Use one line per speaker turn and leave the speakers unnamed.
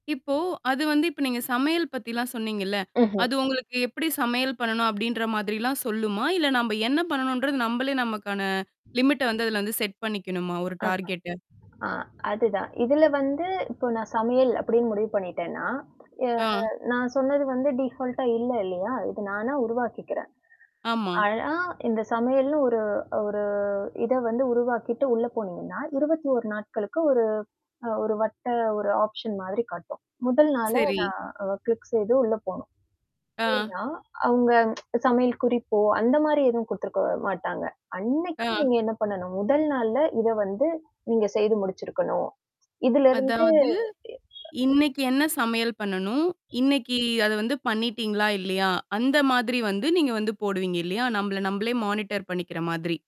இப்போ அது வந்து இப்ப நீங்க சமையல் பத்திலாம் சொன்னீங்கல்ல?
ம்ஹ்ம்.
அது உங்களுக்கு எப்படி சமையல் பண்ணணும் அப்படின்ற மாதிரிலாம் சொல்லுமா? இல்ல நம்ப என்ன பண்ணணுன்றது, நம்பளே நமக்கான லிமிட்ட வந்து அதுல வந்து செட் பண்ணிக்கணுமா? ஒரு
அ.
டார்கெட்ட?
அ அதுதான். இதுல வந்து இப்போ நான் சமையல் அப்படின்னு முடிவு பண்ணிட்டேன்னா, ய
ஆ.
நான் சொன்னது வந்து டீஃபால்டா இல்ல இல்லையா? இது நானா உருவாக்கிக்கிறேன்.
ஆமா.
ஆனா இந்த சமையல்ன்னு ஒரு ஒரு இத வந்து உருவாக்கிட்டு உள்ள போனீங்கன்னா, 21 நாட்களுக்கு ஒரு அ ஒரு வட்ட ஒரு ஆப்ஷன் மாதிரி காட்டும். முதல் நாள
சரி.
நான் அ கிளிக் செய்து உள்ள போணும்.
ஆ.
ஏன்னா, அவங்க சமையல் குறிப்போ, அந்த மாரி எதுவும் குடுத்துருக்க மாட்டாங்க. அன்னைக்கு
ஆ.
நீங்க என்ன பண்ணணும்? முதல் நாள்ல இத வந்து நீங்க செய்து முடிச்சிருக்கணும். இதுலருந்து
அதாவது,
எ
இன்னைக்கு என்ன சமையல் பண்ணணும்? இன்னைக்கு அது வந்து பண்ணிட்டீங்களா? இல்லையா? அந்த மாதிரி வந்து, நீங்க வந்து போடுவீங்க இல்லையா? நம்பள நம்பளே மானிட்டர் பண்ணிக்கிற மாதிரி.